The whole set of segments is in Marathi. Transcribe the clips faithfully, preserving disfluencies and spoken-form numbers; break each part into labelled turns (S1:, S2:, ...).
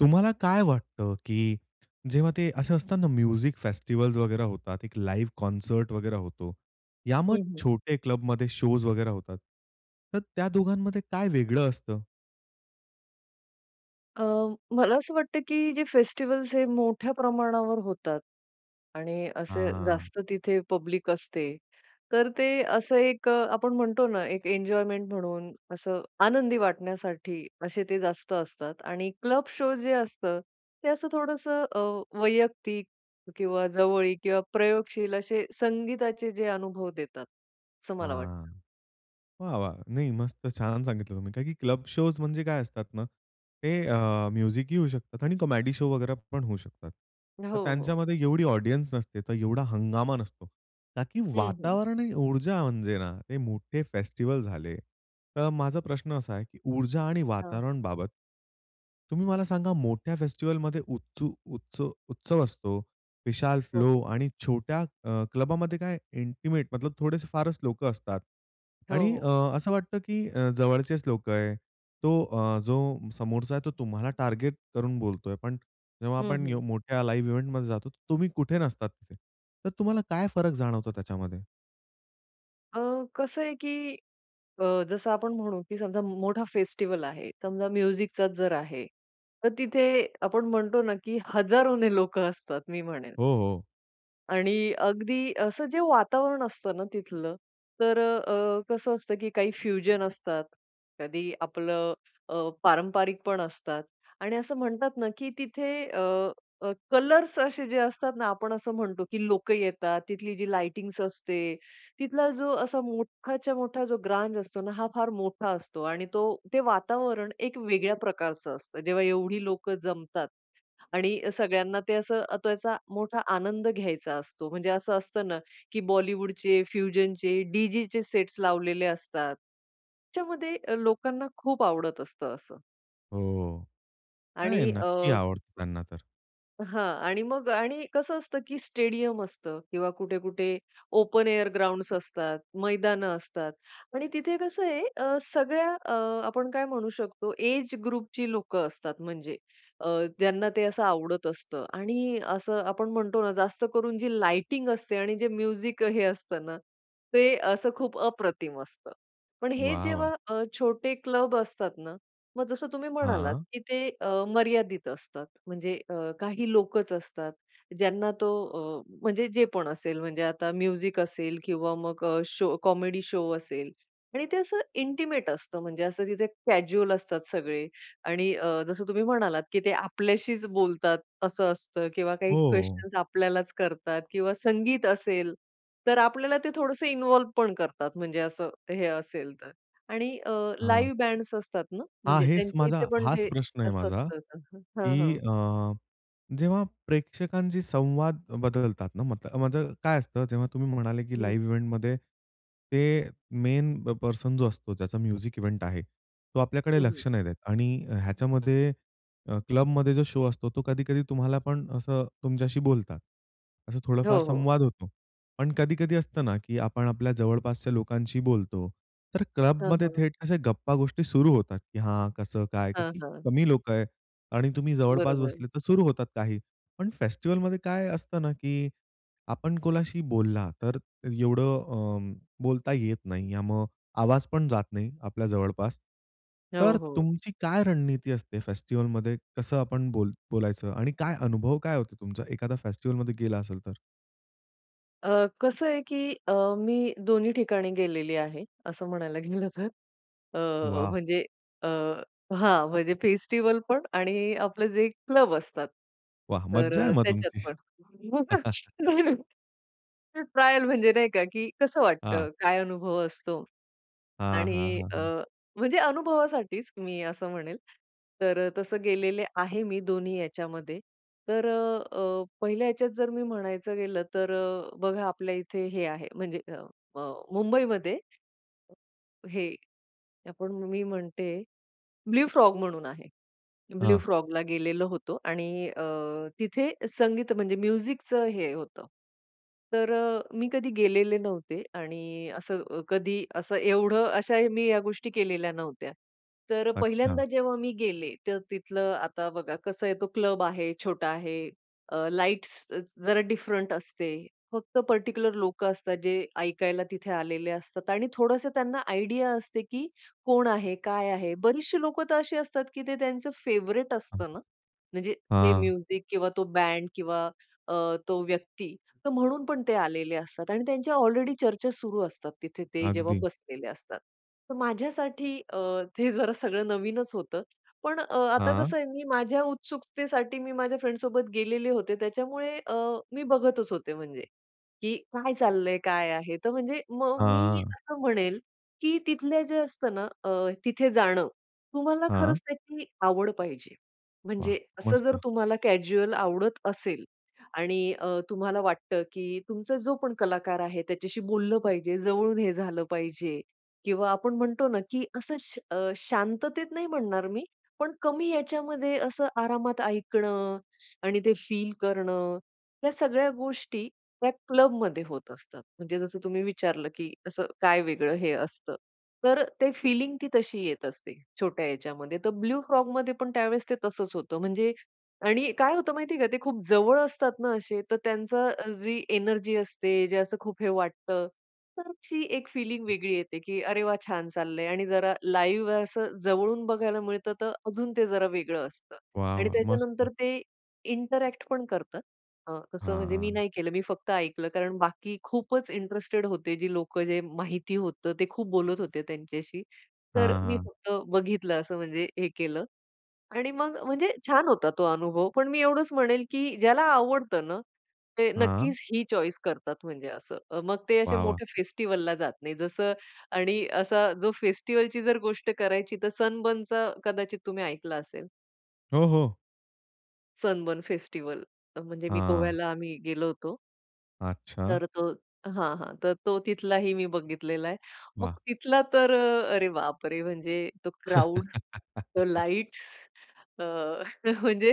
S1: तुम्हाला काय वाटतं की जेव्हा ते असे असतात ना म्युझिक फेस्टिव्हल्स वगैरे होतात, एक लाईव्ह कॉन्सर्ट वगैरा होतो. या मग
S2: हं, हं.
S1: छोटे क्लबमध्ये शोज वगैरे होतात. तर त्या दोघांमध्ये काय वेगळं असतं?
S2: अ, मला असं वाटतं की जे फेस्टिव्हल्स हे मोठ्या प्रमाणावर होतात आणि असे
S1: हां.
S2: जास्त तिथे पब्लिक असते, तर ते असं एक अ, आपण म्हणतो ना, एक एन्जॉयमेंट म्हणून, असं आनंदी वाटण्यासाठी, असे ते जास्त असतात. आणि क्लब शो जे असतं, ते असं थोडंसं अ, वैयक्तिक किंवा जवळीक किंवा प्रयोगशील असे, संगीताचे जे अनुभव देतात, असं मला वाटतं.
S1: हां, वाह, वाह! नाही, मस्त. छान सांगितलं तुम्ही. का की क्लब शोज म्हणजे काय असतात ना, ते अ, म्युझिकही होऊ शकतात, आणि कॉमेडी शो वगैरे पण होऊ शकतात.
S2: अ, हो,
S1: तर
S2: हो.
S1: त्यांच्यामध्ये एवढी ऑडियन्स नसते, तर एवढा हंगामा नसतो. ताकी
S2: हं, हं.
S1: वातावरण आणि ऊर्जा म्हणजे ना, ते मोठे फेस्टिव्हल झाले. तर माझा प्रश्न असा आहे, की ऊर्जा आणि
S2: हां.
S1: वातावरणबाबत, तुम्ही मला सांगा मोठ्या फेस्टिव्हलमध्ये उत्स उत्स उत्सव असतो, विशाल
S2: हो,
S1: फ्लो
S2: हो.
S1: आणि छोट्या अ, क्लबामध्ये काय इंटिमेट, थोडेसे फारच लोकं असतात.
S2: हो,
S1: आणि
S2: हो.
S1: अ, असं वाटतं की अ, जवळचेच लोक आहे. तो अ, जो समोरचा आहे तो तुम्हाला टार्गेट करून बोलतोय. पण जेव्हा
S2: हं,
S1: आपण यो
S2: हं.
S1: मोठ्या लाईव्ह इव्हेंटमध्ये जातो, तर तुम्ही कुठे नसतात तिथे. तर तुम्हाला काय फरक जाणवतो त्याच्यामध्ये?
S2: अ, कसं आहे की अ, जसं आपण म्हणू की समजा मोठा फेस्टिव्हल आहे समजा म्युझिकचा जर आहे, तर तिथे आपण म्हणतो ना की हजारोने लोकं असतात मी म्हणेन.
S1: हो, हो.
S2: आणि अगदी असं जे वातावरण असतं ना तिथलं, तर अ, कसं असतं की काही फ्युजन असतात, कधी आपलं अ, पारंपरिक पण असतात. आणि असं म्हणतात ना की तिथे अ, अ, कलर्स असे जे असतात ना, आपण असं म्हणतो की लोक येतात, तिथली जी लाइटिंग असते, तिथला जो असा मोठाच्या मोठा जो ग्रांज असतो ना हा फार मोठा असतो आणि तो ते वातावरण एक वेगळ्या प्रकारचं असतं जेव्हा एवढी लोक जमतात आणि सगळ्यांना ते असं त्याचा मोठा आनंद घ्यायचा असतो, म्हणजे असं असतं ना की बॉलिवूडचे फ्युजनचे डीजेचे सेट्स लावलेले असतात त्याच्यामध्ये अ, लोकांना खूप आवडत असतं असं.
S1: हो.
S2: आणि
S1: नाही नक्की
S2: अ
S1: आवडतं त्यांना तर.
S2: हां आणि मग आणि कसं असतं की स्टेडियम असतं किंवा कुठे-कुठे ओपन एअर ग्राउंड्स असतात, मैदान असतात आणि तिथे कसं आहे सगळ्या अ, आपण काय म्हणू शकतो एज ग्रुपची लोक असतात म्हणजे अ, ज्यांना ते असं आवडत असतं आणि असं आपण म्हणतो ना जास्त करून जी लाइटिंग असते आणि जे म्युझिक हे असतं ना, ते असं खूप अप्रतिम असतं. पण हे
S1: वाह, वाह!
S2: जेव्हा अ, छोटे, क्लब असतात ना, मग जसं तुम्ही म्हणालात
S1: हां.
S2: की ते अ, मर्यादित असतात, म्हणजे आ, काही लोकच असतात, ज्यांना तो अ, म्हणजे जे पण असेल म्हणजे आता म्युझिक असेल किंवा मग शो कॉमेडी शो असेल आणि ते असं इंटिमेट असतं, म्हणजे असं तिथे कॅज्युअल असतात सगळे आणि अ, जसं तुम्ही म्हणालात की ते आपल्याशीच बोलतात असं असतं किंवा काही
S1: हो.
S2: क्वेशन्स आपल्यालाच करतात किंवा संगीत असेल. तर आपल्याला ते थोडसं इन्व्हॉल्व पण करतात म्हणजे असं, हे असेल तर आणि अ,
S1: हां.
S2: लाइव्ह बँड्स असतात ना,
S1: हां
S2: म्हणजे
S1: हेच
S2: त्यांच्या
S1: माझा,
S2: इथे पण
S1: हाच
S2: ते
S1: प्रश्न आहे
S2: जास्त
S1: माझा
S2: असतं
S1: की
S2: हां, हां.
S1: अ, जेव्हा प्रेक्षकांशी संवाद बदलतात ना, मतं माझ काय असतं जेव्हा तुम्ही म्हणाले की
S2: हं.
S1: लाइव्ह इव्हेंटमध्ये ते मेन प पर्सन जो असतो त्याचा म्युझिक इव्हेंट आहे तो
S2: हं,
S1: आपल्याकडे
S2: हं.
S1: लक्ष नाही देत. आणि ह्याच्यामध्ये क्लबमध्ये जो शो असतो तो कधी-कधी तुम्हाला पण असं तुमच्याशी बोलतात. असं
S2: हो,
S1: थोडाफार
S2: हो.
S1: संवाद होतो. पण कधी-कधी असतं ना की आपण आपल्या जवळपासच्या लोकांशी बोलतो, तर
S2: हां,
S1: क्लबमध्ये
S2: हां.
S1: थेट अशा गप्पा गोष्टी सुरू होतात, की हां कसं, काय,
S2: हां,
S1: की
S2: हां.
S1: कमी लोक आहेत आणि तुम्ही जवळपास
S2: बरोबर.
S1: बसले तर सुरू होतात काही पण फेस्टिव्हलमध्ये काय असतं ना, की आपण कोणाशी बोलला तर एवढं अं, बोलता येत नाही मग आवाज पण जात नाही आपल्या जवळपास.
S2: हो,
S1: तर
S2: हो.
S1: तुमची काय रणनीती असते फेस्टिव्हलमध्ये कसं आपण बोल बोलायचं आणि काय अनुभव काय होतो तुमचा, एखादा फेस्टिव्हलमध्ये गेला असेल तर?
S2: अ, कसं आहे की अ, मी दोन्ही ठिकाणी गेलेली आहे, असं म्हणायला गेलं तर, अ,
S1: वा!
S2: म्हणजे अ, हां, म्हणजे फेस्टिव्हल पण आणि आपले जे क्लब असतात,
S1: वाह!
S2: तर
S1: मज्जा आहे
S2: अ,
S1: मग
S2: त्याच्यात
S1: तुमची.
S2: पण [unintelligible] [unintelligible] ट्रायल म्हणजे नाही का, की कसं
S1: हां.
S2: वाटतं, काय अनुभव असतो?
S1: हां, हां,
S2: आणि
S1: हां,
S2: अ,
S1: हां.
S2: म्हणजे अनुभवासाठीच मी असं म्हणेल, तर तसं गेलेले आहे, मी दोन्ही याच्यामध्ये. तर अ, अ, पहिल्या ह्याच्यात जर मी म्हणायचं गेलं, तर अ, बघा आपल्या इथे हे आहे, म्हणजे म मुंबईमध्ये हे आपण मी म्हणते, ब्लू फ्रॉग म्हणून आहे. ब्लू
S1: हां.
S2: फ्रॉगला गेलेलो होतो. आणि अ, तिथे संगीत, म्हणजे म्युझिकचं हे होतं. तर अ, मी कधी गेलेले नव्हते आणि असं अ, कधी असं एवढं, अशा मी या गोष्टी केलेल्या नव्हत्या. तर पहिल्यांदा
S1: अच्छा.
S2: जेव्हा मी गेले, तर तिथलं आता बघा कसं आहे, तो क्लब आहे, छोटा आहे, अ, लाईट्स जरा डिफरंट असते, फक्त पर्टिक्युलर लोकं असतात, जे ऐकायला तिथे आलेले असतात, आणि थोडंसं त्यांना आयडिया असते, की कोण आहे, काय आहे. बरीचशी लोक तर अशी असतात, की ते त्यांचं फेव्हरेट
S1: हां.
S2: असतं ना. म्हणजे ते
S1: हां.
S2: म्युझिक किंवा तो बँड किंवा अ, तो व्यक्ती, तर म्हणून पण ते आलेले असतात. आणि त्यांच्या ऑलरेडी चर्चा सुरू असतात. तिथे ते जेव्हा
S1: अगदी.
S2: बसलेले असतात. तर माझ्यासाठी अ, ते जरा सगळं नवीनच होतं, पण अ, आता
S1: हां.
S2: कसं आहे, मी माझ्या उत्सुकतेसाठी मी माझ्या फ्रेंड्ससोबत गेलेले होते. त्याच्यामुळे अ, मी बघतच होते म्हणजे, की काय चाललंय? काय आहे? तर म्हणजे मग मी
S1: हां.
S2: असं म्हणेल, की तिथले जे असतं ना, अ, तिथे जाणं तुम्हाला खरंच
S1: हां.
S2: त्याची आवड पाहिजे.
S1: वाह!
S2: म्हणजे असं जर
S1: मस्त.
S2: तुम्हाला कॅज्युअल आवडत असेल आणि अ, तुम्हाला वाटतं की तुमचा जो पण कलाकार आहे त्याच्याशी बोललं पाहिजे, जवळून हे झालं पाहिजे किंवा आपण म्हणतो ना, की असं श शांततेत नाही म्हणणार मी पण कमी याच्यामध्ये, असं आरामात ऐकणं आणि ते फील करणं, या सगळ्या गोष्टी त्या क्लबमध्ये होत असतात. म्हणजे जसं तुम्ही विचारलं, की असं काय वेगळं हे असतं, तर ते फिलिंग ती तशी येत असते. छोट्या ह्याच्यामध्ये, तर ब्लू फ्रॉगमध्ये पण त्यावेळेस ते तसंच होतं म्हणजे आणि काय होतं माहितीये का ते खूप जवळ असतात ना असे, तर त्यांचं जी अ, एनर्जी असते, जे असं खूप हे वाटतं, तर ती एक फीलिंग वेगळी येते, की अरे वाह! छान चाललंय आणि जरा लाईव्ह आहे, असं जवळून बघायला मिळतं, तर अजून ते जरा वेगळं असतं
S1: वाह,
S2: आणि
S1: वाह! मस्त.
S2: त्याच्यानंतर ते इंटरॅक्ट पण करत अ, तसं
S1: हां,
S2: म्हणजे मी
S1: हां.
S2: नाही केलं, मी फक्त ऐकलं. कारण बाकी खूपच इंटरेस्टेड होते जी लोकं जे माहिती होतं. ते खूप बोलत होते त्यांच्याशी. तर
S1: हां,
S2: मी
S1: हां.
S2: फक्त बघितलं असं म्हणजे हे केलं. आणि मग म्हणजे छान होता तो अनुभव, पण मी एवढंच म्हणेल, की ज्याला आवडतं ना, ते
S1: हां.
S2: नक्कीच ही चॉईस करतात म्हणजे असं, मग ते असे
S1: वाह, वाह!
S2: मोठे फेस्टिव्हलला जात नाही जसं आणि असा जो फेस्टिव्हलची जर गोष्ट करायची तर सनबर्नचा कदाचित तुम्ही ऐकलं असेल.
S1: हो हो.
S2: सनबर्न फेस्टिव्हल म्हणजे मी,
S1: हां.
S2: गोव्याला आम्ही गेलो होतो.
S1: अच्छा.
S2: तर तो हां हां. तर तो तिथलाही मी बघितलेला आहे. मग
S1: वाह!
S2: तिथला तर, अरे बापरे! म्हणजे तो क्राउड, लाईट्स अ, म्हणजे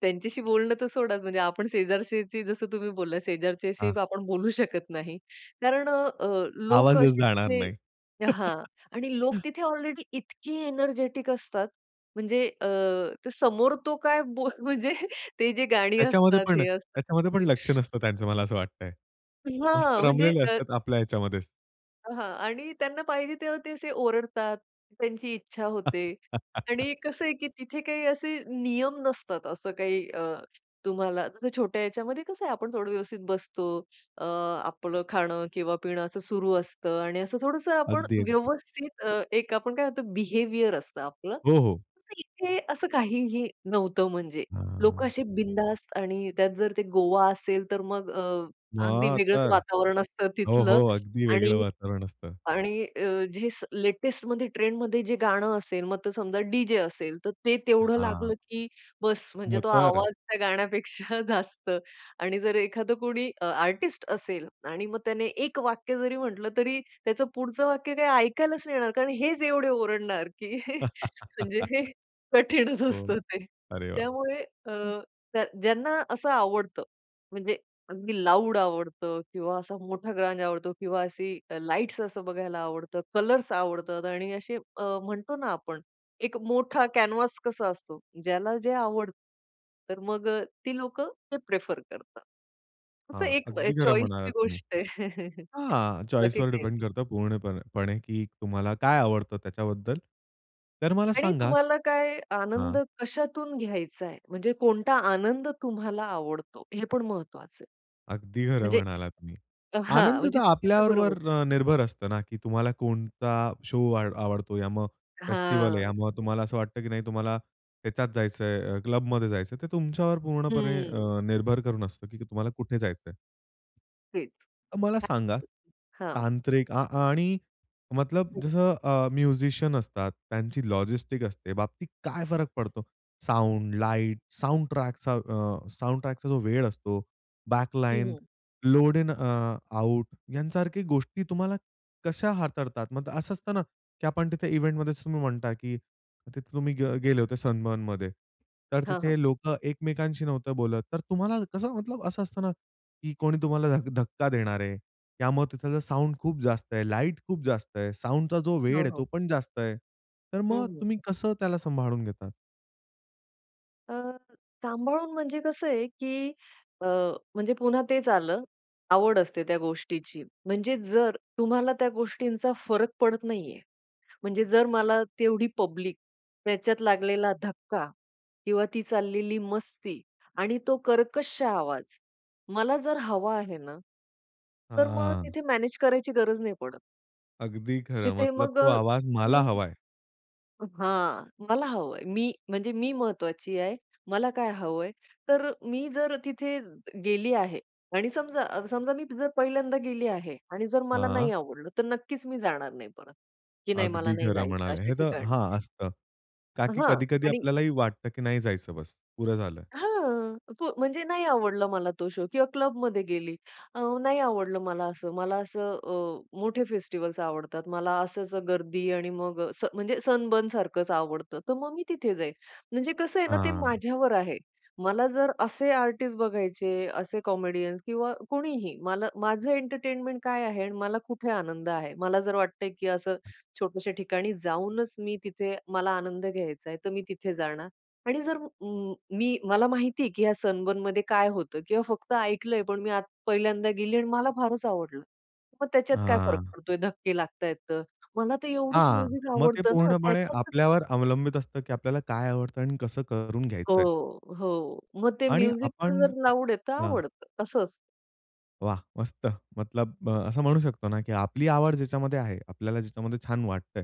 S2: त्यांच्याशी बोलणं तर सोडाच म्हणजे आपण शेजारच्याची जसं तुम्ही बोललात, शेजारच्याशी
S1: हां.
S2: आपण बोलू शकत नाही. कारण अ, लोक
S1: आवाजच
S2: असे
S1: जाणार नाही.
S2: तिथे हां आणि लोक तिथे ऑलरेडी इतके एनर्जेटिक असतात म्हणजे अ, समोर तो काय बो म्हणजे ते जे गाणी
S1: त्याच्यामध्ये
S2: असतात,
S1: पण,
S2: हे असतात.
S1: त्याच्यामध्ये पण लक्ष नसतं त्यांचं मला असं वाटतंय. मस्त
S2: हां म्हणजे
S1: रमलेले
S2: अ
S1: असतात आपल्या ह्याच्यामध्येच.
S2: हां आणि त्यांना पाहिजे तेव्हा ते असे ओरडतात, त्यांची इच्छा होते आणि कसं आहे, की तिथे काही असे नियम नसतात. असं काही अ, तुम्हाला छोट्या ह्याच्यामध्ये कसं आहे आपण थोडं व्यवस्थित बसतो, अ, आपलं खाणं किंवा पिणं असं सुरु असतं आणि असं थोडंसं आपण
S1: अगदी, अगदी.
S2: व्यवस्थित अ, एक आपण काय म्हणतो बिहेवियर असतं आपलं.
S1: हो, हो.
S2: इथे असं काहीही नव्हतं म्हणजे, लोक
S1: हां.
S2: असे बिनधास्त आणि त्यात जर ते गोवा असेल तर मग अ, अगदी
S1: मग
S2: वेगळंच
S1: तर
S2: वातावरण असतं
S1: हो,
S2: तिथलं
S1: हो. अगदी वेगळं
S2: आणि,
S1: वातावरण असतं.
S2: आणि अ, जे लेटेस्टमध्ये, ट्रेंडमध्ये जे गाणं असेल, मग ते समजा डीजे असेल, तर ते तेवढं
S1: हां.
S2: लागलं की बस म्हणजे
S1: मग,
S2: तो
S1: तर
S2: आवाज त्या गाण्यापेक्षा जास्त आणि जर एखादा कोणी आर्टिस्ट असेल आणि मग त्याने एक वाक्य जरी म्हंटलं, तरी त्याचं पुढचं वाक्य काही ऐकायलाच नाही येणार, कारण हेच एवढे ओरडणार की म्हणजे हे कठीणच
S1: हो,
S2: असतं ते.
S1: अरे बाप
S2: त्यामुळे अ,
S1: रे! हं.
S2: ज्यांना असं आवडतं म्हणजे अगदी लाउड आवडतं किंवा असा मोठा ग्रांज आवडतो किंवा अशी लाईट्स असं बघायला आवडतं, कलर्स आवडतात आणि असे म्हणतो ना, आपण एक मोठा कॅनव्हास कसा असतो ज्याला जे आवडतं. तर मग ती लोकं ते प्रिफर करतात. असं
S1: हां,
S2: एक
S1: अगदी खरं
S2: चॉईसची
S1: म्हणालात तुम्ही
S2: गोष्ट आहे,
S1: हां,
S2: बाकी
S1: चॉईसवर
S2: काय
S1: डिपेंड
S2: नाही.
S1: करतं पूर्णपणे पणे की तुम्हाला काय आवडतं त्याच्याबद्दल? तर मला
S2: आणि
S1: सांगा
S2: तुम्हाला काय
S1: हां
S2: आनंद कशातून घ्यायचाय, म्हणजे कोणता आनंद तुम्हाला आवडतो, हे पण महत्वाचं आहे.
S1: अगदी खरं
S2: म्हणजे
S1: म्हणालात तुम्ही.
S2: अ हां
S1: आनंद तर
S2: म्हणजे तुमचं बरोबर.
S1: आपल्याबरोबर निर्भर असतं ना की तुम्हाला कोणता शो आवडतो, या मग फेस्टिव्हल आहे, या
S2: हां.
S1: मग तुम्हाला असं वाटतं की नाही तुम्हाला त्याच्यात जायचंय, अ, क्लब मध्ये जायचंय ते तुमच्यावर पूर्णपणे
S2: हं.
S1: अ, निर्भर करून असतं की तुम्हाला कुठे जायचंय?
S2: हेच.
S1: मला सांगा
S2: हां.
S1: तांत्रिक अ, आणि मतलब
S2: हं.
S1: जसं अ, म्युझिशियन असतात, त्यांची लॉजिस्टिक असते बाबतीत काय फरक पडतो? साउंड, लाईट, साउंडट्रॅक, साउंडट्रॅकचा अ, जो वेळ असतो
S2: हं,
S1: बॅकलाईन,
S2: हं.
S1: लोड इन अ, आउट यासारख्या गोष्टी तुम्हाला कशा हाताळतात? मग असं असतं ना की आपण तिथे इव्हेंटमध्येच तुम्ही म्हणता की तिथे तुम्ही ग गेले होते सनबर्नमध्ये. तर
S2: हां, हां.
S1: तिथे लोक एकमेकांशी नव्हतं बोलत तर तुम्हाला कसं असं असतं ना की कोणी तुम्हाला धक्का देणार आहे, त्यामुळे तिथलं साउंड खूप जास्त आहे, लाईट खूप जास्त आहे, साउंडचा जो वेळ
S2: हो,
S1: आहे
S2: हो.
S1: तो पण जास्त आहे. तर
S2: हं,
S1: मग
S2: हं.
S1: तुम्ही कसं त्याला सांभाळून घेतात?
S2: अ, सांभाळून म्हणजे कसं आहे की अ, म्हणजे पुन्हा तेच आलं आवड असते त्या गोष्टीची म्हणजे जर तुम्हाला त्या गोष्टींचा फरक पडत नाहीये. म्हणजे जर मला तेवढी पब्लिक त्याच्यात लागलेला धक्का किंवा ती चाललेली मस्ती आणि तो कर्कश आवाज मला जर हवा आहे ना, तर मग
S1: आ
S2: तिथे मॅनेज करायची गरज नाही पडत.
S1: अगदी खरं
S2: तिथे
S1: मतलब
S2: मग अ,
S1: तो आवाज मला
S2: तुम्ही
S1: हवाय
S2: अ, हां मला हवंय मी म्हणजे मी महत्वाची आहे, मला काय हवंय? तर मी जर तिथे गेली आहे आणि समजा, समजा मी जर पहिल्यांदा गेली आहे आणि जर मला
S1: हां.
S2: नाही आवडलं तर नक्कीच मी जाणार नाही परत की नाही मला
S1: अगदी
S2: नाही
S1: खरं
S2: जायचं
S1: म्हणाले
S2: अशा
S1: हे तर
S2: ठिकाणी.
S1: हां असतं. का की
S2: हां,
S1: कधी, कधी
S2: आणि
S1: आपल्यालाही वाटतं की नाही जायचं बस पुरं झालं.
S2: हां, प म्हणजे नाही आवडला मला तो शो किंवा क्लबमध्ये गेली अ, नाही आवडलं मला असं मला असं अ, मोठे फेस्टिव्हल्स आवडतात. मला असच अ, गर्दी आणि मग अ, स म्हणजे सनबर्न सारखंच आवडतं तर मग मी तिथे जाईल म्हणजे कसं आहे ना ते
S1: हां.
S2: माझ्यावर आहे, मला जर असे आर्टिस्ट बघायचे असे कॉमेडियन्स किंवा कोणीही मला, माझं एंटरटेनमेंट, काय आहे आणि मला कुठे आनंद आहे. मला जर वाटतंय की असं छोट्याश्या ठिकाणी जाऊनच मी तिथे मला आनंद घ्यायचाय तर मी तिथे जाणार आणि जर उं, मी मला माहिती आहे की या सनबर्न मध्ये काय होतं किंवा फक्त ऐकलंय पण मी पहिल्यांदा गेली आणि मला फारच आवडलं. मग त्याच्यात काय फरक
S1: हां,
S2: पडतोय धक्के लागतायेत तर मला तर एवढंच
S1: हां,
S2: म्युझिक
S1: मग ते
S2: आवडतं ना
S1: पूर्णपणे
S2: त्याच्यात
S1: आपल्यावर अवलंबित असतं की आपल्याला काय आवडतं आणि कसं करून
S2: हो,
S1: घ्यायचंय.
S2: हो. मग ते
S1: आणि
S2: म्युझिकपण
S1: आपण
S2: जर लाउड आहे तर
S1: हां.
S2: आवडत असंच
S1: वाह! मस्त! मतलब अ, असं म्हणू शकतो ना, की आपली आवड ज्याच्यामध्ये आहे, आपल्याला ज्याच्यामध्ये छान वाटतंय,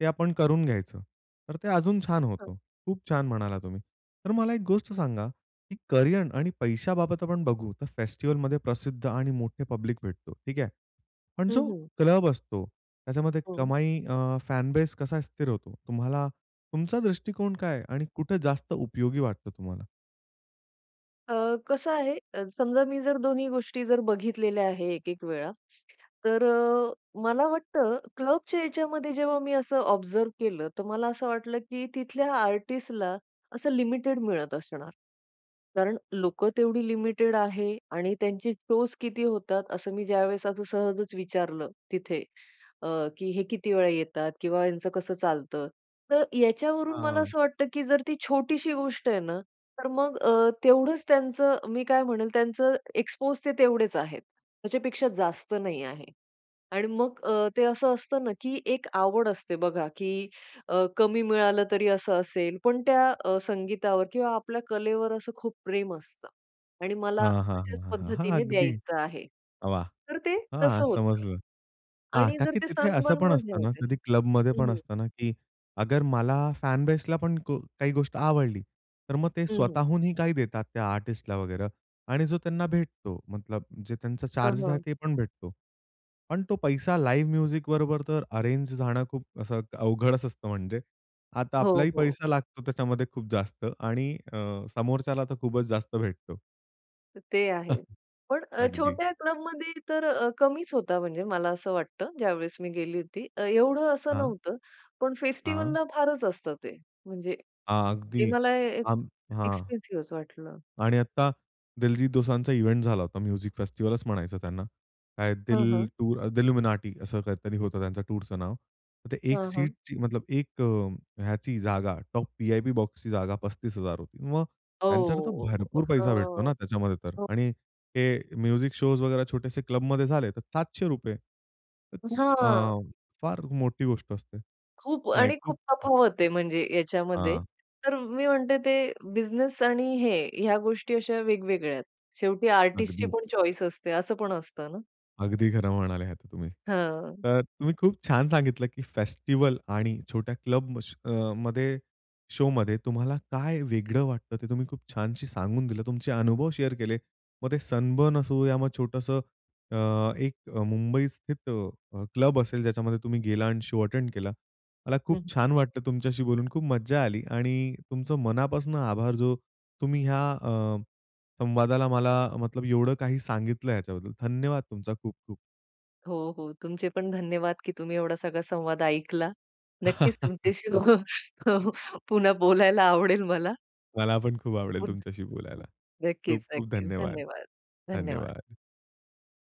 S1: ते आपण करून घ्यायचं. तर ते अजून छान
S2: हां.
S1: होतं. खूप छान म्हणाला तुम्ही. तर मला एक गोष्ट सांगा, की करियर आणि पैशाबाबत आपण बघू, तर फेस्टिव्हलमध्ये प्रसिद्ध आणि मोठे पब्लिक भेटतो, ठीक आहे? पण
S2: हं,
S1: जो
S2: हं.
S1: क्लब असतो, त्याच्यामध्ये
S2: हं.
S1: कमाई अ, फॅन बेस कसा स्थिर होतो? तुम्हाला तुमचा दृष्टिकोन काय आहे, आणि कुठे जास्त उपयोगी वाटतं तुम्हाला?
S2: अ, कसं आहे, अ, समजा मी जर दोन्ही गोष्टी जर बघितलेल्या आहे एक-एक वेळा, तर अ, मला वाटतं क्लबच्या याच्यामध्ये जेव्हा मी असं ऑब्झर्व्ह केलं, तर मला असं वाटलं की तिथल्या आर्टिस्टला, असं लिमिटेड मिळत असणार. कारण लोकं तेवढी लिमिटेड आहे आणि त्यांचे शोज किती होतात, असं मी ज्यावेळेस असं सहजच विचारलं तिथे, अ, की "हे किती वेळा येतात?" किंवा "यांचं कसं चालतं?" तर याच्यावरून मला
S1: हां.
S2: असं वाटतं की जर ती छोटीशी गोष्ट आहे ना, तर मग अ, तेवढंच त्यांचं मी काय म्हणेन, त्याचं एक्सपोज ते तेवढेच आहेत, त्याच्यापेक्षा जास्त नाही आहे. आणि मग अ, ते असं असतं ना, की एक आवड असते बघा, की अ, कमी मिळालं तरी असं असेल, पण त्या अ, संगीतावर किंवा आपल्या कलेवर असं खूप प्रेम असतं. आणि मला
S1: हां, हां, हां,
S2: अशाच
S1: हां, हां. हां,
S2: पद्धतीने
S1: अगदी.
S2: द्यायचं आहे.
S1: वाह!
S2: तर ते
S1: हां,
S2: कसं होतं.
S1: समजलं. हां.
S2: आणि
S1: का
S2: जर
S1: की
S2: ते
S1: तिथे असं पण
S2: सनबर्नमध्ये
S1: असतं
S2: आहे
S1: ना,
S2: ते
S1: कधी क्लबमध्ये
S2: हं,
S1: पण
S2: हं.
S1: असत ना, की अगर मला फॅन बेसला पण को काही गोष्ट आवडली, तर मग ते
S2: हं, हं.
S1: स्वतःहूनही काही देतात त्या आर्टिस्टला वगैरे आणि जो त्यांना भेटतो, मतलब जे त्यांचे
S2: हां,
S1: चार्जेस आहे
S2: हां.
S1: ते पण भेटतो. पण तो पैसा लाईव्ह म्युझिक बरोबर, तर अरेंज जाणं खूप असं अवघडच असतं म्हणजे. आता
S2: हो,
S1: आपलाही
S2: हो.
S1: पैसा लागतो त्याच्यामध्ये खूप जास्त आणि अ, समोरच्याला तर खूपच जास्त भेटतो.
S2: ते आहे पण अ,
S1: अगदी.
S2: छोट्या क्लबमध्ये तर अ, कमीच होता म्हणजे मला असं वाटतं ज्यावेळेस मी गेली होती. अ, एवढं असं
S1: हां.
S2: नव्हतं पण
S1: हां.
S2: फेस्टिव्हलला फारच असतं ते म्हणजे ते
S1: अगदी
S2: मला एक
S1: अम हां.
S2: एक्सपेन्सिव्ह असं वाटलं.
S1: आणि आत्ता दलजित दोसांचा इव्हेंट झाला होता म्युझिक फेस्टिव्हलचं म्हणायचं त्यांना काय
S2: हं,
S1: दिल
S2: हं.
S1: टू अ, दिलुमिनाटी असं काहीतरी होतं त्यांचा टूरचं नाव. ते एक
S2: हां, हां.
S1: सीटची मतलब एक ह्याची जागा टॉप वी-आय-पी बॉक्सची जागा पस्तीस हजार होती. मग त्यांच्या तर
S2: ओ, अ,
S1: भरपूर
S2: हं,
S1: पैसा भेटतो ना त्याच्यामध्ये तर
S2: हो.
S1: आणि हे म्युझिक शोज वगैरा छोटेसे क्लबमध्ये झाले तर सातशे रुपये तर खूप
S2: हां.
S1: फार मोठी गोष्ट असते.
S2: खूप
S1: नाही
S2: आणि
S1: खूप
S2: खूप तफावत आहे म्हणजे याच्यामध्ये.
S1: हां.
S2: तर मी म्हणते ते बिझनेस आणि हे ह्या गोष्टी अशा वेगवेगळ्या आहेत. शेवटी आर्टिस्टची
S1: अगदी.
S2: पण चॉईस असते असं पण असतं ना.
S1: अगदी खरं म्हणाले आहेत तुम्ही.
S2: हं.
S1: तर तुम्ही खूप छान सांगितलं की फेस्टिव्हल आणि छोट्या क्लब श अ, मध्ये शोमध्ये तुम्हाला काय वेगळं वाटतं ते तुम्ही खूप छानशी सांगून दिलं. तुमचे अनुभव शेअर केले. मग ते सनबर्न असो या मग छोटंसं अ, एक मुंबईस्थित अ, क्लब असेल ज्याच्यामध्ये तुम्ही गेला आणि शो अटेंड केला. मला
S2: हं,
S1: खूप
S2: हं.
S1: छान वाटतं तुमच्याशी बोलून खूप मज्जा आली आणि तुमचं मनापासून आभार जो तुम्ही ह्या अ, संवादाला मला मतलब एवढं काही सांगितलं ह्याच्याबद्दल धन्यवाद तुमचा खूप खूप.
S2: हो, हो. तुमचे पण धन्यवाद की तुम्ही एवढा सगळा संवाद ऐकला. नक्कीच तुमच्याशी हो पुन्हा बोलायला आवडेल मला.
S1: मला पण खूप आवडेल
S2: पुन्ह
S1: तुमच्याशी बोलायला. खूप
S2: नक्कीच,
S1: खूप
S2: नक्कीच.
S1: धन्यवाद,
S2: धन्यवाद, धन्यवाद.
S1: धन्यवाद.